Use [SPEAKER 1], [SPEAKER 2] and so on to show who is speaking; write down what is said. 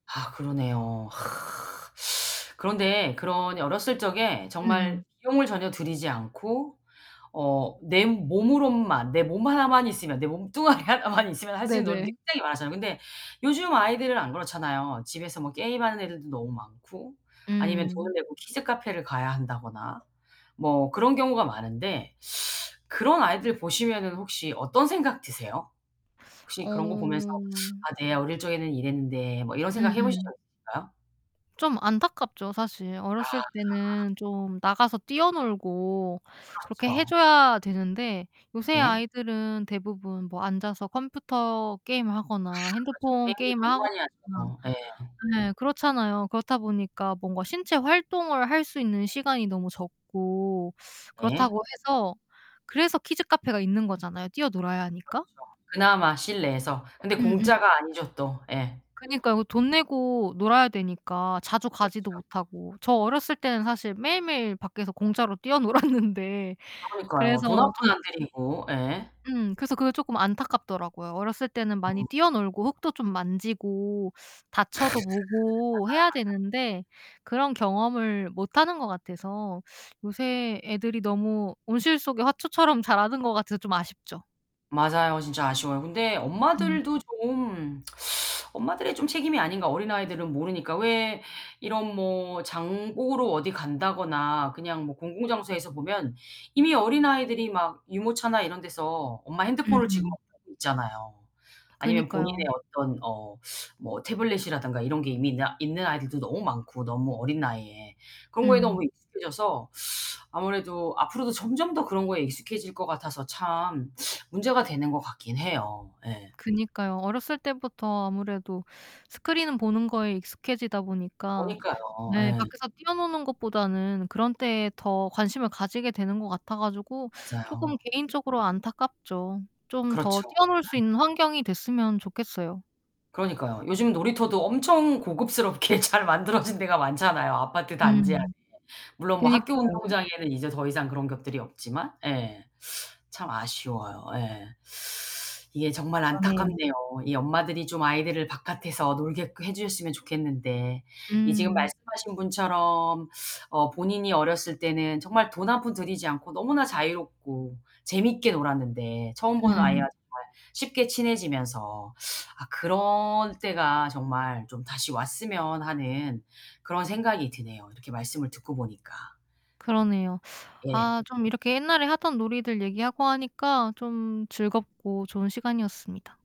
[SPEAKER 1] 아 그러네요. 그런데 그런 어렸을 적에 정말
[SPEAKER 2] 음.
[SPEAKER 1] 비용을 전혀 들이지 않고 어 내 몸으로만 내 몸 하나만 있으면 내 몸뚱아리 하나만 있으면 할 수 있는 놀이들이
[SPEAKER 2] 네네.
[SPEAKER 1] 굉장히 많았잖아요. 근데 요즘 아이들은 안 그렇잖아요. 집에서 뭐 게임하는 애들도 너무 많고 아니면 돈을
[SPEAKER 2] 음.
[SPEAKER 1] 내고 키즈 카페를 가야 한다거나 뭐 그런 경우가 많은데 그런 아이들 보시면은 혹시 어떤 생각 드세요? 혹시 그런 거 보면서
[SPEAKER 2] 어.
[SPEAKER 1] '아 내 어릴 적에는 이랬는데.' 뭐 이런 생각해 보신 적
[SPEAKER 2] 음음.
[SPEAKER 1] 있으신가요?
[SPEAKER 2] 좀 안타깝죠 사실.
[SPEAKER 1] 아
[SPEAKER 2] 어렸을 때는
[SPEAKER 1] 네.
[SPEAKER 2] 좀 나가서 뛰어놀고 그렇게 해
[SPEAKER 1] 그렇죠.
[SPEAKER 2] 줘야 되는데 요새
[SPEAKER 1] 네.
[SPEAKER 2] 아이들은 대부분 뭐 앉아서 컴퓨터 게임을
[SPEAKER 1] 아
[SPEAKER 2] 하거나
[SPEAKER 1] 그렇죠.
[SPEAKER 2] 핸드폰
[SPEAKER 1] 게임도
[SPEAKER 2] 게임을
[SPEAKER 1] 너무
[SPEAKER 2] 하거나
[SPEAKER 1] 많이 하죠. 예.
[SPEAKER 2] 네 그렇잖아요. 그렇다 보니까 뭔가 신체 활동을 할 수 있는 시간이 너무 적고
[SPEAKER 1] 예.
[SPEAKER 2] 그렇다고 해서 그래서 키즈 카페가 있는 거잖아요. 뛰어놀아야
[SPEAKER 1] 그렇죠.
[SPEAKER 2] 하니까.
[SPEAKER 1] 그나마 실내에서. 근데
[SPEAKER 2] 음음.
[SPEAKER 1] 공짜가 아니죠, 또. 예.
[SPEAKER 2] 그니까요. 돈 내고 놀아야 되니까 자주 가지도
[SPEAKER 1] 그렇죠.
[SPEAKER 2] 못하고. 저 어렸을 때는 사실 매일매일 밖에서 공짜로 뛰어놀았는데
[SPEAKER 1] 그러니까요.
[SPEAKER 2] 그래서
[SPEAKER 1] 돈 한 푼
[SPEAKER 2] 좀
[SPEAKER 1] 안 들이고. 예.
[SPEAKER 2] 음. 그래서 그게 조금 안타깝더라고요. 어렸을 때는 많이
[SPEAKER 1] 어.
[SPEAKER 2] 뛰어놀고 흙도 좀 만지고
[SPEAKER 1] 맞아요.
[SPEAKER 2] 다쳐도 보고 해야
[SPEAKER 1] 맞아요. 네.
[SPEAKER 2] 되는데 그런 경험을 못하는 것 같아서 요새 애들이 너무 온실 속의 화초처럼 자라는 것 같아서 좀 아쉽죠.
[SPEAKER 1] 맞아요. 진짜 아쉬워요. 근데
[SPEAKER 2] 음.
[SPEAKER 1] 엄마들도 좀 엄마들의 좀 책임이 아닌가. 어린아이들은 모르니까. 왜 이런 뭐 장 보러 어디 간다거나 그냥 뭐 공공장소에서 보면 이미 어린아이들이 막 유모차나 이런 데서 엄마 핸드폰을
[SPEAKER 2] 음음.
[SPEAKER 1] [unintelligible] 있잖아요. 아니면
[SPEAKER 2] 그니까요.
[SPEAKER 1] 본인의 어떤 어 뭐 태블릿이라든가 이런 게 이미 있느 있는 아이들도 너무 많고 너무 어린 나이에. 그런 거에
[SPEAKER 2] 음.
[SPEAKER 1] 너무 익숙해져서 아무래도 앞으로도 점점 더 그런 거에 익숙해질 것 같아서 참 문제가 되는 것 같긴 해요. 예.
[SPEAKER 2] 그니까요. 어렸을 때부터 아무래도 스크린 보는 거에 익숙해지다 보니까
[SPEAKER 1] 그러니까요.
[SPEAKER 2] 네
[SPEAKER 1] 네.
[SPEAKER 2] 밖에서 뛰어노는 것보다는 그런 데에 더 관심을 가지게 되는 것 같아 가지고 조금
[SPEAKER 1] 맞아요.
[SPEAKER 2] 개인적으로 안타깝죠. 좀 더
[SPEAKER 1] 그렇죠.
[SPEAKER 2] 뛰어놀 수 있는 환경이 됐으면 좋겠어요.
[SPEAKER 1] 그러니까요. 요즘은 놀이터도 엄청 고급스럽게 잘 만들어진 데가 많잖아요. 아파트 단지 안에.
[SPEAKER 2] 음.
[SPEAKER 1] 물론 뭐 학교
[SPEAKER 2] 그니까요.
[SPEAKER 1] 운동장에는 이제 더 이상 그런 것들이 없지만 예 참 아쉬워요. 예. 이게 정말
[SPEAKER 2] 그러네요.
[SPEAKER 1] 안타깝네요. 이 엄마들이 좀 아이들을 바깥에서 놀게끔 해 주셨으면 좋겠는데. 이 지금
[SPEAKER 2] 음.
[SPEAKER 1] 말씀하신 분처럼 어 본인이 어렸을 때는 정말 돈 한 푼 들이지 않고 너무나 자유롭고 재밌게 놀았는데 처음 보는 아이와
[SPEAKER 2] 음.
[SPEAKER 1] 정말 쉽게 친해지면서 아 그럴 때가 정말 좀 다시 왔으면 하는 그런 생각이 드네요, 이렇게 말씀을 듣고 보니까.
[SPEAKER 2] 그러네요.
[SPEAKER 1] 예.
[SPEAKER 2] 아 좀 이렇게 옛날에 하던 놀이들 얘기하고 하니까 좀 즐겁고 좋은 시간이었습니다.